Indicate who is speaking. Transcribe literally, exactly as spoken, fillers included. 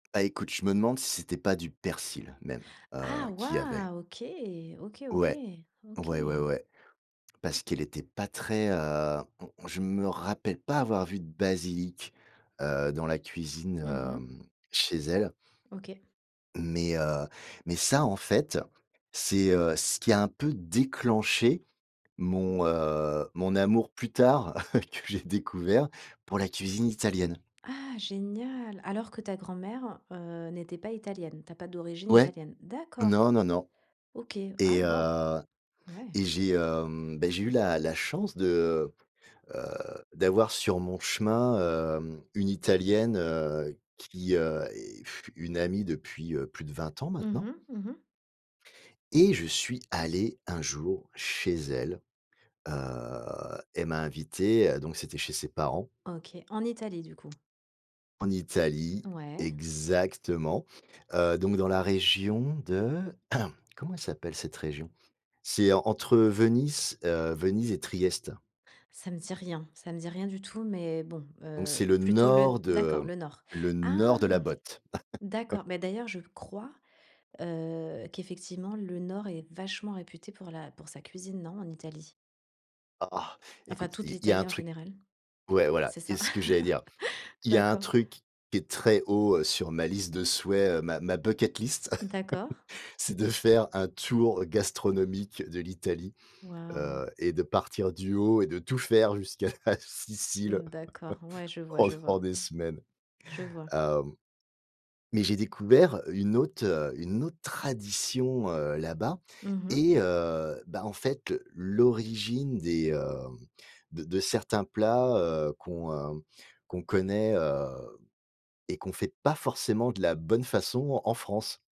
Speaker 1: Bah, écoute, je me demande si c'était pas du persil même, heu,
Speaker 2: Ah
Speaker 1: qu'il y avait.
Speaker 2: waouh! OK, OK,
Speaker 1: Ouais,
Speaker 2: OK,
Speaker 1: ouais, ouais,
Speaker 2: OK!
Speaker 1: ouais, parce
Speaker 2: OK.
Speaker 1: qu'elle était pas très, heu mmh, je me rappelle pas avoir vu de basilic, heu, dans la cuisine,
Speaker 2: Mmh mh.
Speaker 1: hem, chez elle.
Speaker 2: OK.
Speaker 1: Mais, heu, mais ça, en fait, c'est, heu, ce qui a un peu déclenché mon, heu, mon amour plus tard que j'ai découvert pour la cuisine italienne.
Speaker 2: Ah génial! Alors que ta grand mère, heu, n'était pas italienne, tu as pas d'origine
Speaker 1: Ouais,
Speaker 2: italienne? D'accord.
Speaker 1: non, non, non.
Speaker 2: OK, ah,
Speaker 1: Et
Speaker 2: waouh,
Speaker 1: heu
Speaker 2: ouais.
Speaker 1: et j'ai, hem, beh, j'ai eu la la chance de, heu, d'avoir sur mon chemin, hem, une Italienne, heu, qui, heu, est une amie depuis plus de vingt ans,
Speaker 2: Mmh
Speaker 1: maintenant.
Speaker 2: mh. Mmh mh.
Speaker 1: Et je suis allé un jour chez elle, heu, elle m'a invité, heu, donc c'était chez ses parents.
Speaker 2: OK, en Italie, du coup?
Speaker 1: En Italie,
Speaker 2: Ouais.
Speaker 1: exactement. Heu, donc dans la région de comment elle s'appelle cette région? C'est entre Venise, heu, Venise et Triest.
Speaker 2: Ça me dit rien, ça me dit rien du tout, mais bon,
Speaker 1: Donc c'est
Speaker 2: heu,
Speaker 1: le
Speaker 2: plutôt le
Speaker 1: nord de
Speaker 2: d'accord, le nord.
Speaker 1: le nord de la
Speaker 2: Ah!
Speaker 1: botte.
Speaker 2: D'accord, bah, d'ailleurs, je crois, heu, qu'effectivement, le Nord est vachement réputé pour la pour sa cuisine, non, en Italie?
Speaker 1: Ah
Speaker 2: Enfin,
Speaker 1: écoute,
Speaker 2: toute
Speaker 1: il il y a
Speaker 2: l'Italie
Speaker 1: un
Speaker 2: en
Speaker 1: truc
Speaker 2: général.
Speaker 1: ouais voilà,
Speaker 2: C'est
Speaker 1: c'est
Speaker 2: ça?
Speaker 1: ce que j'allais dire, il y a un
Speaker 2: D'accord.
Speaker 1: truc qui est très haut, heu, sur ma liste de souhaits, heu, ma ma bucket list,
Speaker 2: D'accord.
Speaker 1: c'est de faire un tour gastronomique de l'Italie,
Speaker 2: Waouh!
Speaker 1: heu et de partir du haut et de tout faire jusqu'à la Sicile
Speaker 2: D'accord, ouais, je vois, je vois.
Speaker 1: pendant des semaines.
Speaker 2: Je vois.
Speaker 1: Hem, mais j'ai découvert une autre, heu, une autre tradition, heu, là-bas.
Speaker 2: Mmh mh.
Speaker 1: Et heu, bah, en fait, l'origine des, hem, de de certains plats, heu, qu'on, heu, qu'on connaît, heu, et qu'on fait pas forcément de la bonne façon en France.